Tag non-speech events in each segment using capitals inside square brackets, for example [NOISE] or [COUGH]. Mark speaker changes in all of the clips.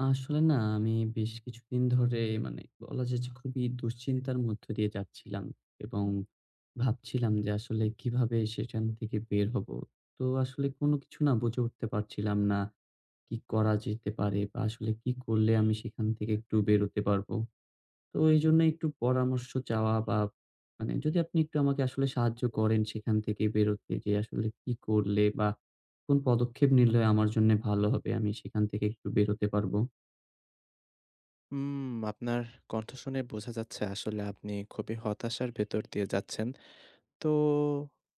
Speaker 1: আসলে না, আমি বেশ কিছুদিন ধরে মানে বলা যাচ্ছে খুবই দুশ্চিন্তার মধ্য দিয়ে যাচ্ছিলাম এবং ভাবছিলাম যে আসলে কিভাবে সেখান থেকে বের হব। তো আসলে কোন কিছু না বুঝে উঠতে পারছিলাম না, কি করা যেতে পারে বা আসলে কি করলে আমি সেখান থেকে একটু বেরোতে পারবো। তো এইজন্য একটু পরামর্শ চাওয়া বা আপ মানে যদি আপনি একটু আমাকে আসলে সাহায্য করেন সেখান থেকে বেরোতে যে আসলে কি করলে বা কোন পদক্ষেপ নিলে আমার জন্যে ভালো হবে আমি সেখান থেকে একটু বেরোতে পারবো?
Speaker 2: উম আপনার কণ্ঠ শুনে বোঝা যাচ্ছে আসলে আপনি খুবই হতাশার ভেতর দিয়ে যাচ্ছেন। তো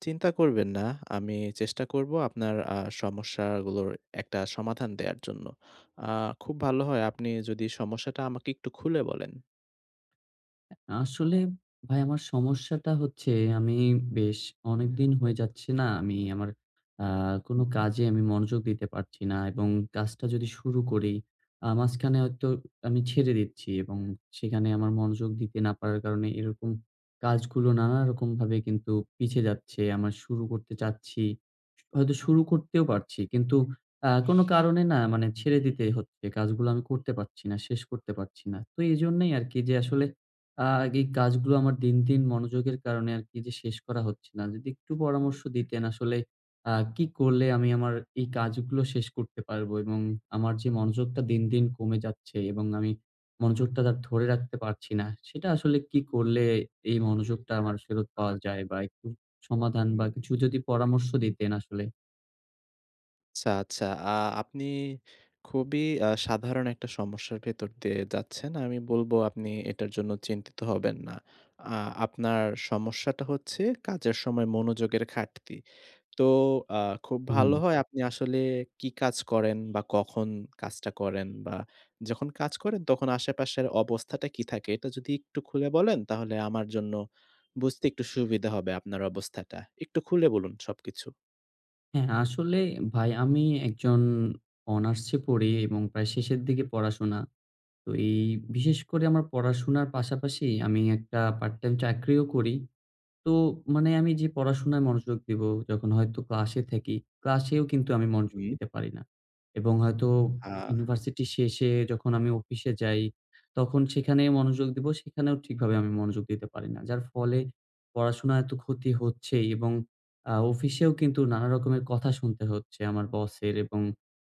Speaker 2: চিন্তা করবেন না। আমি চেষ্টা করব আপনার আ সমস্যাগুলোর একটা সমাধান দেয়ার জন্য। আ খুব ভালো হয় আপনি যদি সমস্যাটা আমাকে একটু খুলে বলেন।
Speaker 1: আসলে, ভাই আমার সমস্যাটা হচ্ছে আমি বেশ অনেকদিন হয়ে যাচ্ছে, না! আমি আমার আ কোন
Speaker 2: হুম।
Speaker 1: কাজে আমি মনোযোগ দিতে পারছি না। এবং কাজটা যদি শুরু করি আ মাঝখানে হয়তো আমি ছেড়ে দিচ্ছি। এবং সেখানে আমার মনোযোগ দিতে না পারার কারণে এরকম কাজগুলো নানারকম ভাবে কিন্তু পিছে যাচ্ছে। আমার শুরু করতে চাচ্ছি। হয়তো শুরু করতেও পারছি। কিন্তু আ কোনো কারণে না মানে ছেড়ে দিতে হচ্ছে। কাজগুলো আমি করতে পারছি না। শেষ করতে পারছি না। তো এইজন্যেই আরকি যে আসলে আ আগে এই কাজগুলো আমার দিন, দিন মনোযোগের কারণে আরকি যে শেষ করা হচ্ছে না। যদি একটু পরামর্শ দিতেন আসলে আ কি করলে আমি আমার এই কাজগুলো শেষ করতে পারবো? এবং আমার যে মনোযোগটা দিন, দিন কমে যাচ্ছে এবং আমি মনোযোগটা দা ধরে রাখতে পারছি না। সেটা আসলে কি করলে এই মনোযোগটা আমার ফেরত পাওয়া যায়? বা একটু সমাধান বা কিছু যদি পরামর্শ দিতেন আসলে।
Speaker 2: আচ্ছা, আচ্ছা। আ আপনি খুবই আ সাধারণ একটা সমস্যার ভেতর দিয়ে যাচ্ছেন। আমি বলবো আপনি এটার জন্য চিন্তিত হবেন না। আ আপনার সমস্যাটা হচ্ছে কাজের সময় মনোযোগের ঘাটতি। তো আ খুব ভালো
Speaker 1: হুম।
Speaker 2: হয় আপনি আসলে কি কাজ করেন বা কখন কাজটা করেন বা যখন কাজ করেন তখন আশেপাশের অবস্থাটা কী থাকে এটা যদি একটু খুলে বলেন, তাহলে আমার জন্য বুঝতে একটু সুবিধা হবে আপনার অবস্থাটা। একটু খুলে বলুন সবকিছু।
Speaker 1: হ্যাঁ, আসলে ভাই আমি একজন অনার্স এ পড়ি এবং প্রায় শেষের দিকে পড়াশোনা। তো এই বিশেষ করে আমার পড়াশোনার পাশাপাশি আমি একটা পার্ট টাইম চাকরিও করি। তো মানে আমি যে পড়াশোনায় মনোযোগ দিবো, যখন হয়তো ক্লাসে থাকি, ক্লাসেও কিন্তু আমি মনোযোগ
Speaker 2: হুম।
Speaker 1: দিতে পারি না। এবং হয়তো
Speaker 2: আ
Speaker 1: ইউনিভার্সিটি শেষে যখন আমি অফিসে যাই, তখন সেখানে মনোযোগ দিব। সেখানেও ঠিকভাবে আমি মনোযোগ দিতে পারি না। যার ফলে পড়াশোনা এত ক্ষতি হচ্ছে এবং আ অফিসেও কিন্তু নানা রকমের কথা শুনতে হচ্ছে আমার বসের। এবং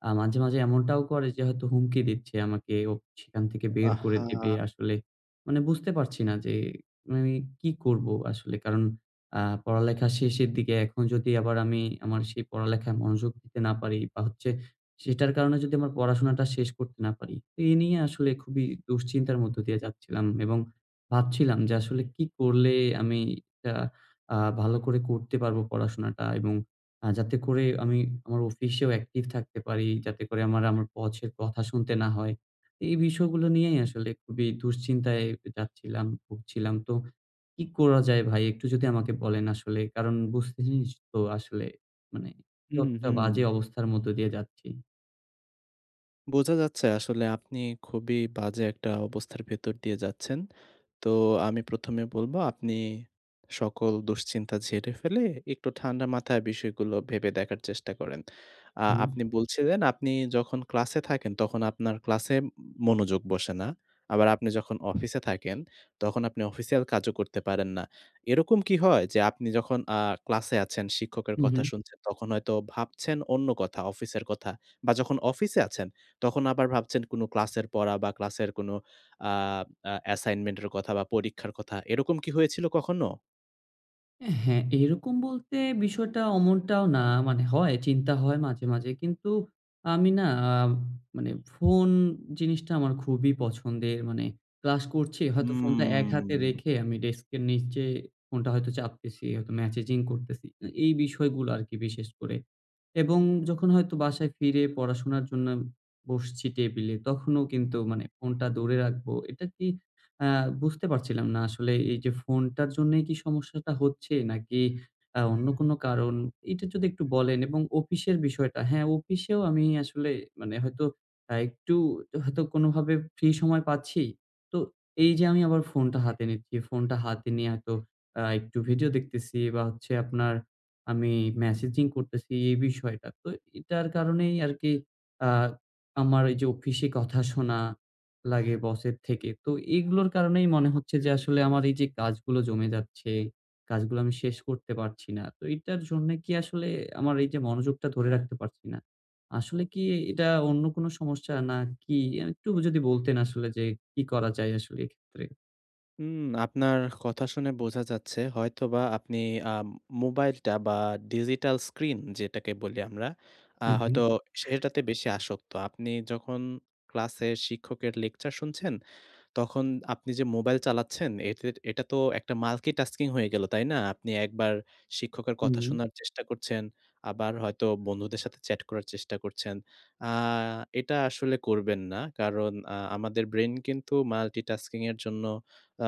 Speaker 1: আ মাঝে, মাঝে এমনটাও করে যে হয়তো হুমকি দিচ্ছে আমাকে ওফ সেখান থেকে বের করে দিবে।
Speaker 2: আহা!
Speaker 1: আসলে, মানে বুঝতে পারছি না যে মানে কি করব। আসলে কারণ আ পড়ালেখা শেষের দিকে এখন যদি আবার আমি আমার সেই পড়ালেখায় মনোযোগ দিতে না পারি বা হচ্ছে সেটার কারণে যদি আমার পড়াশোনাটা শেষ করতে না পারি। এ নিয়ে আসলে খুবই দুশ্চিন্তার মধ্য দিয়ে যাচ্ছিলাম এবং ভাবছিলাম যে আসলে কি করলে আমি তা আ ভালো করে করতে পারবো পড়াশোনাটা এবং আ যাতে করে আমি আমার অফিসেও অ্যাকটিভ থাকতে পারি, যাতে করে আমার, আমার, বসের কথা শুনতে না হয়। এই বিষয়গুলো নিয়েই আসলে খুবই দুশ্চিন্তায় যাচ্ছিলাম, ভুগছিলাম। তো কি করা যায় ভাই একটু যদি আমাকে বলেন আসলে? কারণ বুঝতেছিস, তো আসলে মানে কি
Speaker 2: হুম,
Speaker 1: একটা বাজে
Speaker 2: হুম।
Speaker 1: অবস্থার মধ্য দিয়ে যাচ্ছি।
Speaker 2: বোঝা যাচ্ছে আসলে আপনি খুবই বাজে একটা অবস্থার ভেতর দিয়ে যাচ্ছেন। তো আমি ১ম এ বলবো আপনি সকল দুশ্চিন্তা ঝেড়ে ফেলে একটু ঠান্ডা মাথায় বিষয়গুলো ভেবে দেখার চেষ্টা করেন। আ
Speaker 1: হুম।
Speaker 2: আপনি বলছিলেন আপনি যখন ক্লাসে থাকেন, তখন আপনার ক্লাসে ম মনোযোগ বসে না। আবার আপনি যখন অফিসে থাকেন, তখন আপনি অফিসিয়াল কাজও করতে পারেন না। এরকম কি হয়? যে আপনি যখন আ ক্লাসে আছেন, শিক্ষকের
Speaker 1: হু,
Speaker 2: কথা
Speaker 1: হুম।
Speaker 2: শুনছেন, তখন হয়তো ভাবছেন অন্য কথা, অফিসের কথা বা, যখন অফিসে আছেন, তখন আবার ভাবছেন কোন ক্লাসের পড়া বা, ক্লাসের কোনো আব আ অ্যাসাইনমেন্টের কথা বা, পরীক্ষার কথা। এরকম কি হয়েছিল কখনো?
Speaker 1: অ্যা হ্যাঁ, এরকম বলতে বিষয়টা অমনটাও না। মানে হয়, চিন্তা হয় মাঝে, মাঝে। কিন্তু আমি না, আ মানে ফোন জিনিসটা আমার খুবই পছন্দের। মানে ক্লাস করছি, হয়তো ফোনটা এক হাতে
Speaker 2: হুম।
Speaker 1: রেখে আমি ডেস্কের নিচে ফোনটা হয়তো চাপতেছি, হয়তো ম্যাসেজিং করতেছি। এই বিষয়গুলো আরকি বিশেষ করে। এবং যখন হয়তো বাসায় ফিরে পড়াশোনার জন্য আম বসছি টেবিলে, তখনও কিন্তু মানে ফোনটা দূরে রাখবো। এটা কি আ বুঝতে পারছিলাম না আসলে এইযে ফোনটার জন্যই কি সমস্যাটা হচ্ছে? নাকি আ অন্য কোন কারণ, এটা যদি একটু বলেন এবং অফিসের বিষয়টা। হ্যাঁ? অফিসেও আমি আসলে মানে হয়তো আ একটু হয়তো কোনোভাবে ফ্রি সময় পাচ্ছি। তো এইযে আমি আবার ফোনটা হাতে নিচ্ছি, ফোনটা হাতে নিয়ে হয়তো আ একটু ভিডিও দেখতেছি বা, হচ্ছে আপনার আমি ম্যাসেজিং করতেসি, এই বিষয়টা। তো এইটার কারণেই আরকি আ আমার এইযে অফিসে কথা শোনা লাগে বসের থেকে। তো এগুলোর কারণেই মনে হচ্ছে যে আসলে আমার এইযে কাজগুলো জমে যাচ্ছে. কাজগুলো আমি শেষ করতে পারছি না। তো এটার জন্য কি আসলেএ আমার এইযে মনোযোগটা ধরে রাখতে পারছি না? আসলে কি এ এটা অন্য কোন সমস্যা, নাকি? আ একটু যদি বলতেন আসলে যে, কি করা যায় আসলে এক্ষেত্রে?
Speaker 2: উম আপনার কথা শুনে বোঝা যাচ্ছে হয়তোবা আপনি আ মোবাইলটা বা ডিজিটাল স্ক্রিন যেটাকে বলি আমরা, আ
Speaker 1: হু,
Speaker 2: হয়তো
Speaker 1: হু।
Speaker 2: সেটাতে বেশি আসক্ত। আপনি যখন ক্লাসের শিক্ষকের লেকচার শুনছেন, তখন আপনি যে মোবাইল চালাচ্ছেন এতো এটা তো একটা মাল্টিটাস্কিং হয়ে গেল। তাই না? আপনি একবার শিক্ষকের কথা
Speaker 1: হুম।
Speaker 2: শোনার চেষ্টা করছেন। আবার হয়তো বন্ধুদের সাথে চ্যাট করার চেষ্টা করছেন। আ এটা আসলে করবেন না। কারণ আ আমাদের ব্রেইন কিন্তু মাল্টিটাস্কিং এর জন্য আ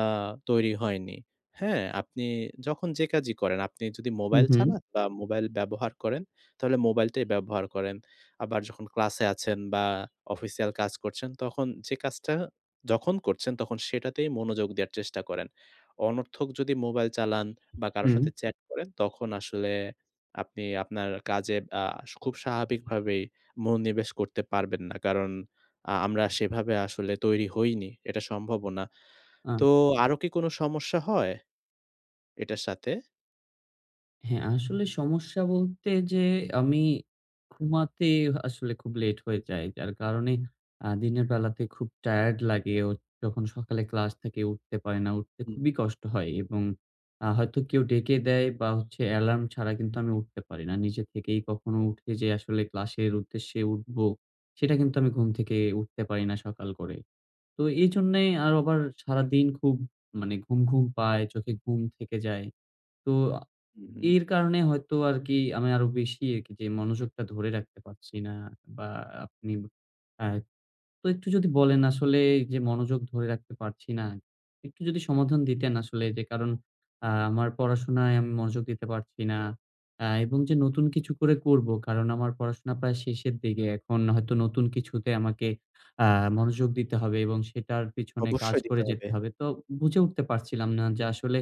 Speaker 2: তৈরি হয়নি। হ্যাঁ, আপনি যখন যে কাজই করেন আপনি যদি
Speaker 1: হু,
Speaker 2: মোবাইল
Speaker 1: হু।
Speaker 2: চালান বা মোবাইল ব্যবহার করেন, তাহলে মোবাইলটাই ব্যবহার করেন। আবার যখন ক্লাসে আছেন বা অফিসিয়াল কাজ করছেন। তখন যে কাজটা যখন করছেন সেটাতেই মনোযোগ দেওয়ার চেষ্টা করেন। অনর্থক যদি মোবাইল চালান বা কারো
Speaker 1: হুম।
Speaker 2: সাথে চ্যাট করেন তখন, আসলে আপনি আপনার কাজে আ স খুব স্বাভাবিকভাবেই মনোনিবেশ করতে পারবেন না। কারণ আ আমরা সেভাবে আসলে তৈরি হইনি। এটা সম্ভবনা।
Speaker 1: আচ্ছা।
Speaker 2: তো আরো কি কোন সমস্যা হয় এটার সাথে?
Speaker 1: হ্যাঁ, আসলে সমস্যা বলতে যে, আমি ঘুমাতে আসলে খুব লেট হয়ে যায়। যার কারণে আ দিনের বেলাতে খুব টায়ার্ড লাগে অ যখন সকালে ক্লাস থেকে উঠতে পারে না, উঠতে
Speaker 2: হুম।
Speaker 1: খুবই কষ্ট হয়। এবং আ হয়তো কেউ ডেকে দেয়, বা হচ্ছে এলার্ম ছাড়া কিন্তু আমি উঠতে পারি না। নিজে থেকেই কখনো উঠে যে আসলে ক্লাসের উদ্দেশ্যে উঠব। সেটা কিন্তু আমি ঘুম থেকে উঠতে পারি না, সকাল করে। তো এইজন্যেই আর আবার সারাদিন খুব মানে ঘুম, ঘুম পায়, চোখে ঘুম থেকে যায়। তো আ
Speaker 2: উ হুম।
Speaker 1: এর কারণে হয়তো আরকি আমি আরো বেশি আরকি যে মনোযোগটা ধরে রাখতে পারছি না। বা আপনি আ তো একটু যদি বলেন, আসলে যে মনোযোগ ধরে রাখতে পারছি না। একটু যদি সমাধান দিতেন, আসলে যে কারণ আ আমার পড়াশোনায় আমি মনোযোগ দিতে পারছি না। আ এবং যে নতুন কিছু করে করবো, কারণ আমার পড়াশোনা প্রায় শেষের দিকে। এখন হয়তো নতুন কিছুতে আমাকে আ মনোযোগ দিতে হবে, এবং সেটার পেছনে কাজ
Speaker 2: অবশ্যই দিতে
Speaker 1: করে
Speaker 2: হবে।
Speaker 1: যেতে হবে। তো বুঝে উঠতে পারছিলাম না, যে আসলে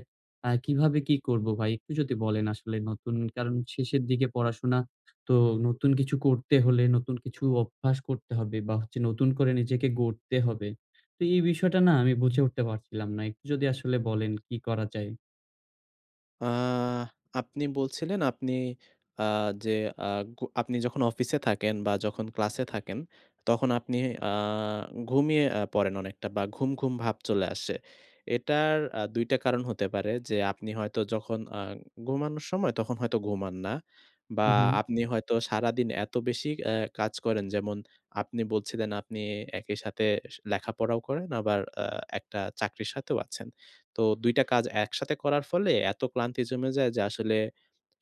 Speaker 1: আ কিভাবে কি করব ভাই? একটু যদি বলেন, আসলে নতুন, কারণ শেষের দিকে পড়াশোনা তো, নতুন কিছু করতে হলে নতুন কিছু অভ্যাস করতে হবে, বা হচ্ছে নতুন করে নিজেকে গড়তে হবে। তো এই বিষয়টা না আমি বুঝে উঠতে পারছিলাম না। একটু যদি আসলে বলেন কী করা যায়?
Speaker 2: আ আপনি বলছিলেন, আপনি আ যে আ ক আপনি যখন অফিসে থাকেন, বা ক্লাসে থাকেন, তখন আপনি আ ঘুমিয়ে আ পড়েন অনেকটা, বা ঘুম, ঘুম ভাব চলে আসে। এটার আ ২ টা কারণ হতে পারে, যে আপনি হয়তো যখন আ ঘুমানোর সময় তখন হয়তো ঘুমান না। বা
Speaker 1: উ হুম।
Speaker 2: আপনি হয়তো সারাদিন এত বেশি আ কাজ করেন, যেমন আপনি বলছিলেন আপনি একই সাথে স লেখাপড়াও করেন, আবার আ একটা চাকরির সাথেও আছেন। তো ২ টা কাজ একসাথে করার ফলে, এত ক্লান্তি জমে যায়, যে আসলে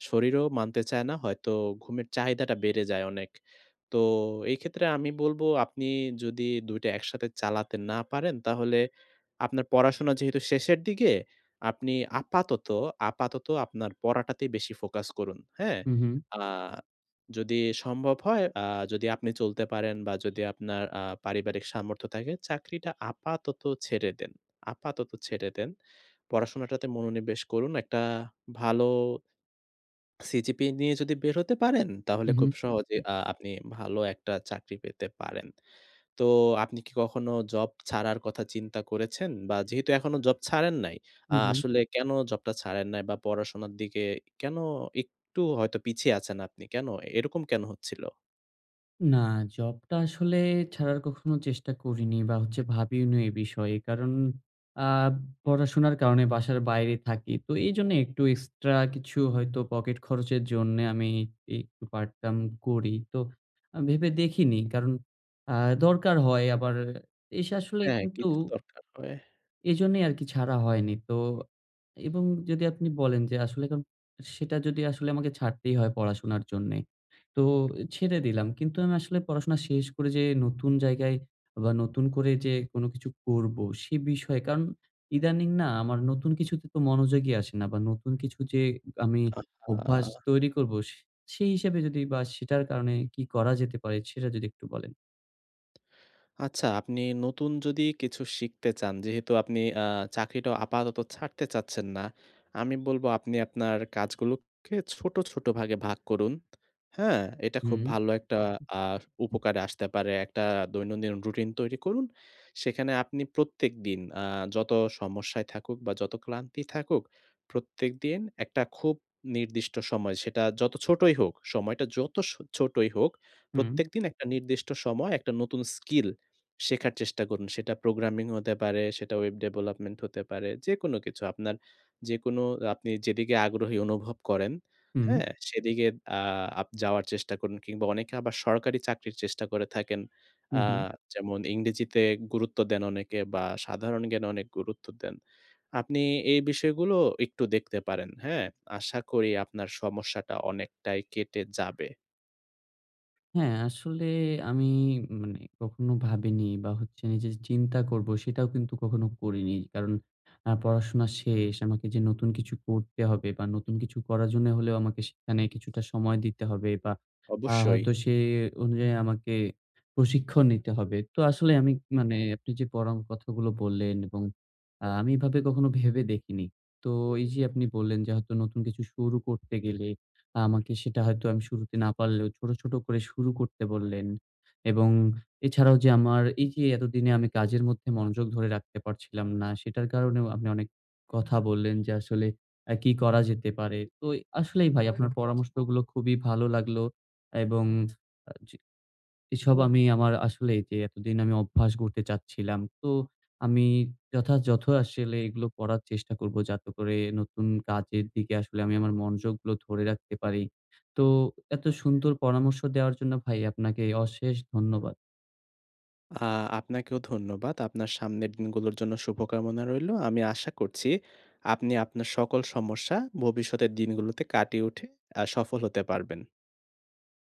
Speaker 2: শরীরও মানতে চায় না। হয়তো ঘুমের চাহিদাটা বেড়ে যায় অনেক। তো এক্ষেত্রে আমি বলব, আপনি যদি ২ টা একসাথে চালাতে না পারেন, তাহলে আপনার পড়াশোনা যেহেতু শেষের দিকে, আপনি আপাতত, আপাতত আপনার পড়াটাতে বেশি ফোকাস করুন। হ্যাঁ?
Speaker 1: হুম, হুম।
Speaker 2: আ যদি সম্ভব হয়, আ যদি আপনি চলতে পারেন, বা যদি আপনার আ পারিবারিক সামর্থ্য থাকে, চাকরিটা আপাতত ছেড়ে দেন, আপাতত ছেড়ে দেন। পড়াশোনাটাতে মনোনিবেশ করুন একটা ভালো, CGPA নিয়ে যদি বের হতে পারেন, তাহলে
Speaker 1: হু, হুম।
Speaker 2: খুব সহজেই আ আপনি ভালো একটা চাকরি পেতে পারেন। তো আপনি কি কখনো জব ছাড়ার কথা চিন্তা করেছেন? বা যেহেতু এখনো জব ছাড়েন নাই।
Speaker 1: উ
Speaker 2: আ
Speaker 1: হুম।
Speaker 2: আসলে কেনো জবটা ছাড়েন নাই? বা পড়াশোনার দিকে কেনো একটু হয়তো পিছিয়ে আছেন আপনি কেনো? এরকম কেনো হচ্ছিল?
Speaker 1: না, জব টা আসলে ছাড়ার কখনো চেষ্টা করিনি বা হচ্ছে ভাবিওনি এই বিষয়ে। কারণ আ পড়াশোনার কারণে বাসার বাইরে থাকি। তো এইজন্য একটু এক্সট্রা কিছু হয়তো পকেট খরচের জন্যে আমি ই একটু পার্ট-টাইম করি। তো আ ভেবে দেখিনি। কারণ আ দরকার হয় আবার এসে আসলে
Speaker 2: হ্যাঁ,
Speaker 1: কিন্তু
Speaker 2: কিছু দরকার হয়।
Speaker 1: এজন্যই আরকি ছাড়া হয়নি। তো এবং যদি আপনি বলেন যে আসলে এখন সেটা যদি আসলে আমাকে ছাড়তেই হয় পড়াশোনার জন্যে। তো ছেড়ে দিলাম। কিন্তু আমি আসলে পড়াশোনা শেষ করে যে নতুন জায়গায় বা নতুন করে যে কোনো কিছু করব, সে বিষয়ে, কারণ ইদানিং না? আমার নতুন কিছুতে তো মনোযোগী আসে না। বা নতুন কিছু যে আমি অভ্যাস
Speaker 2: আহহা!
Speaker 1: তৈরি করব সে সেই হিসেবে যদি বা সেটার কারণে কি করা যেতে পারে, সেটা যদি একটু বলেন?
Speaker 2: আচ্ছা, আপনি নতুন যদি কিছু শিখতে চান, যেহেতু আপনি আ চাকরিটা আপাতত ছাড়তে চাচ্ছেন না, আমি বলব আপনি আপনার কাজগুলোকে ছোট, ছোট, ভাগে, ভাগ করুন। হ্যাঁ? এটা খুব
Speaker 1: হুম।
Speaker 2: ভালো একটা আ [BLOWS AIR] উপকারে আসতে পারে। একটা দৈনন্দিন রুটিন তৈরি করুন। সেখানে আপনি প্রত্যেকদিন আ যত সমস্যায় থাকুক বা যত ক্লান্তি থাকুক, প্রত্যেকদিন একটা খুব নির্দিষ্ট সময়, যত ছোটই হোক, সময়টা যত সো ছোটই হোক,
Speaker 1: হুম।
Speaker 2: প্রত্যেকদিন একটা নির্দিষ্ট সময় একটা নতুন স্কিল শেখার চেষ্টা করুন। সেটা programming হতে পারে, সেটা web development হতে পারে। যেকোন কিছু, আপনার যেকোন আপনি যেদিকে আগ্রহী অনুভব করেন,
Speaker 1: হুম।
Speaker 2: হ্যাঁ? সেদিকে আ আপ যাওয়ার চেষ্টা করুন, কিংবা অনেকে সরকারি চাকরির চেষ্টা করে থাকেন।
Speaker 1: হু,
Speaker 2: আ
Speaker 1: হু।
Speaker 2: যেমন ইংরেজিতে গুরুত্ব দেন অনেকে বা সাধারণ জ্ঞানে অনেক গুরুত্ব দেন। আপনি এই বিষয়গুলো একটু দেখতে পারেন। হ্যাঁ? আশা করি আপনার সমস্যাটা অনেকটাই কেটে যাবে।
Speaker 1: হ্যাঁ, আসলে আমি মানে কখনো ভাবিনি, বা হচ্ছে যে চিন্তা করবো সেটাও কিন্তু কখনো করিনি। কারণ অ্যাঁ পড়াশোনা শেষ। আমাকে যে নতুন কিছু করতে হবে, বা নতুন কিছু করার জন্য হলেও আমাকে সেখানে কিছুটা সময় দিতে হবে বা আ
Speaker 2: অবশ্যই।
Speaker 1: হয়তো সে অনুযায়ী আমাকে প্রশিক্ষণ নিতে হবে। তো আসলে আমি মানে আপনি যে পড়ম কথাগুলো বললেন, এবং আ আমি এভাবে কখনো ভেবে দেখিনি। তো এই যে আপনি বললেন, যে হয়তো নতুন কিছু শুরু করতে গেলে, আমাকে সেটা হয়তো আমি শুরুতে না পারলেও ছোট, ছোট করে শুরু করতে বললেন, এবং এছাড়াও যে আমার এই যে এতদিনে আমি কাজের মধ্যে মনোযোগ ধরে রাখতে পারছিলাম না। সেটার কারণেও আপনি অনেক কথা বললেন, যে আসলে আ কি করা যেতে পারে। তো আসলেই ভাই আপনার পরামর্শগুলো খুবই ভালো লাগলো, এবং আ জি। এসব আমি আমার আসলেই যে এতদিন আমি অভ্যাস গড়তে চাচ্ছিলাম। তো আমি যথাযথ আসলে এগুলো পড়ার চেষ্টা করব, যাতে করে নতুন কাজের দিকে আসলে আমি আমার মনযোগগুলো ধরে রাখতে পারি। তো এত সুন্দর পরামর্শ দেওয়ার জন্য ভাই আপনাকে অশেষ ধন্যবাদ।
Speaker 2: আ আপনাকেও ধন্যবাদ। আপনার সামনের দিনগুলোর জন্য শুভকামনা রইলো। আমি আশা করছি আপনি আপনার সকল সমস্যা ভবিষ্যতের দিনগুলোতে কাটিয়ে উঠে, অ্যাঁ সফল হতে পারবেন।